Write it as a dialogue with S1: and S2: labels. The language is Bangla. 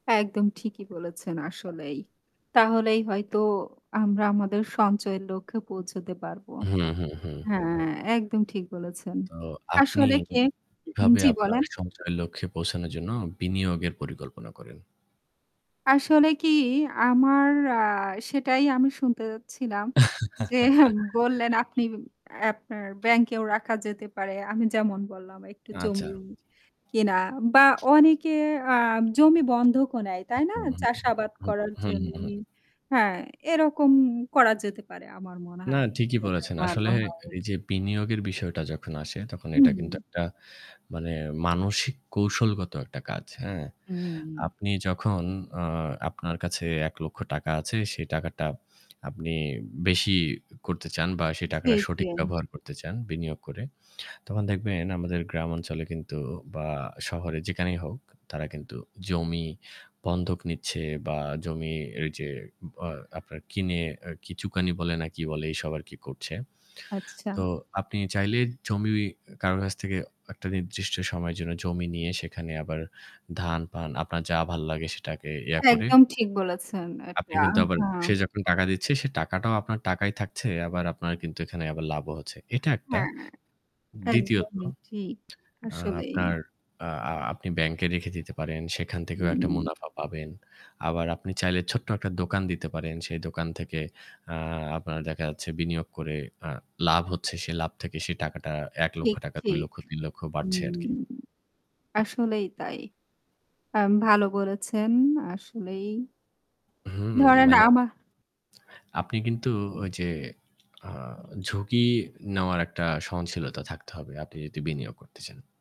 S1: একদম ঠিকই বলেছেন আসলেই। তাহলেই হয়তো আমরা আমাদের সঞ্চয়ের লক্ষ্যে পৌঁছতে পারব।
S2: হু, হু, হু।
S1: হ্যাঁ, একদম ঠিক বলেছেন।
S2: তো আপনি
S1: আসলে কি
S2: কিভাবে
S1: জী
S2: আপনার
S1: বলেন।
S2: সঞ্চয়ের লক্ষ্যে পৌঁছানোর জন্য বিনিয়োগের পরিকল্পনা করেন?
S1: আসলে কি আমার অ্যা সেটাই আমি শুনতে যাচ্ছিলাম যে বললেন আপনি অ্যা আপনার ব্যাংকেও রাখা যেতে পারে। আমি যেমন বললাম একটু জমি
S2: আচ্ছা।
S1: কেনা বা অনেকে অ্যা জমি বন্ধক ও নেয় তাই না?
S2: হু। হু,
S1: চাষাবাদ
S2: হু,
S1: করার
S2: হু,
S1: জন্য।
S2: হু।
S1: হ্যাঁ, এরকম করা যেতে পারে। আমার মনে
S2: না,
S1: হয়
S2: ঠিকই
S1: [unintelligible]
S2: বলেছেন।
S1: ভালো
S2: আসলে
S1: হয়।
S2: এইযে বিনিয়োগের বিষয়টা যখন আসে তখন এটা কিন্তু
S1: হুম।
S2: একটা মানে মানসিক কৌশলগত একটা কাজ। হ্যাঁ?
S1: উম
S2: আপনি যখন অ্যা আপনার কাছে ৳১,০০,০০০ আছে, সেই টাকাটা আপনি বেশি করতে চান বা সেই
S1: জী,
S2: টাকাটা
S1: জী।
S2: সঠিক ব্যবহার করতে চান বিনিয়োগ করে। তখন দেখবেন আমাদের গ্রামাঞ্চলে কিন্তু বা শহরে যেখানেই হোক, তারা কিন্তু জমি বন্ধক নিচ্ছে বা জমি এইযে আপনার কিনে অ্যা কি চুকানি বলে না কি বলে এইসব আরকি করছে।
S1: আচ্ছা।
S2: তো আপনি চাইলে জমি অ কারো কাছ থেকে একটা নির্দিষ্ট সময়ের জন্য জমি নিয়ে সেখানে আবার ধান-পান, আপনার যা ভাল লাগে সেটাকে ইয়ে করে
S1: একদম ঠিক বলেছেন এটা
S2: আপনি কিন্তু আবার
S1: হ্যাঁ।
S2: সে যখন টাকা দিচ্ছে সে টাকাটাও আপনার টাকাই থাকছে, আবার আপনার কিন্তু এখানে আবার লাভও হচ্ছে। এটা একটা।
S1: হ্যাঁ,
S2: দ্বিতীয়ত,
S1: একদমই ঠিক
S2: অ্যা
S1: আসলেই।
S2: আপনার অ্যা আপনি ব্যাংকে রেখে দিতে পারেন, সেখান থেকেও একটা
S1: হুম।
S2: মুনাফা পাবেন। আবার আপনি চাইলে ছোট্ট একটা দোকান দিতে পারেন। সেই দোকান থেকে অ্যা আপনার দেখা যাচ্ছে বিনিয়োগ আ করে লাভ হচ্ছে। সেই লাভ থেকে সেই টাকাটা এক লক্ষ
S1: ঠিক,
S2: টাকা, দুই
S1: ঠিক।
S2: লক্ষ, ৳৩,০০,০০০ বাড়ছে
S1: হুম।
S2: আরকি।
S1: আসলেই তাই। আম ভালো করেছেন আসলেই।
S2: হুম,
S1: ধরেন
S2: মানে
S1: আমা
S2: আপনি কিন্তু ঐ যে অ্যা ঝুঁকি নেওয়ার একটা সহনশীলতা থাকতে হবে। আপনি যদি বিনিয়োগ করতে চান।